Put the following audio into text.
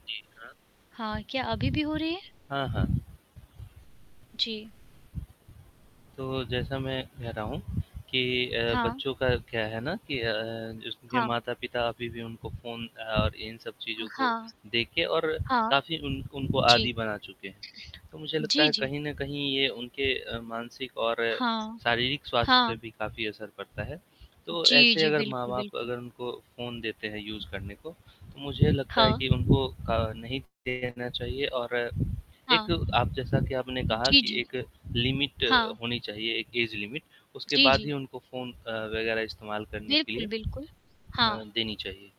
हाँ, क्या अभी भी हो रही है? हाँ, हाँ। जी। तो जैसा मैं कह रहा हूँ, कि अ, हाँ। बच्चों का क्या है ना कि अ, जिसके हाँ। माता-पिता अभी भी उनको फ़ोन और इन सब अ, चीज़ों को हाँ। देके और हाँ। काफ़ी उन उनको जी। आदि बना चुके हैं, तो मुझे लगता जी, है जी। कहीं न कहीं ये उनके अ, मानसिक और हाँ, शारीरिक स्वास्थ्य पे हाँ। भी काफ़ी असर पड़ता है, तो जी, ऐसे जी, अगर बिल्कुल, माँ-बाप बिल्कुल। अगर उनको फ़ोन देते हैं यूज़ करने को, तो मुझे लगता है हाँ। कि उनको अ, नहीं देना चाहिए और एक हाँ। आप जैसा कि आपने कहा जी, कि जी। एक लिमिट अ, हाँ। होनी चाहिए, एक ऐज लिमिट उसके जी, बाद ही जी। उनको फ़ोन अ, वगैरह इस्तेमाल करने के लिए बिल्कुल, बिल्कुल, अ, हाँ। देनी चाहिए।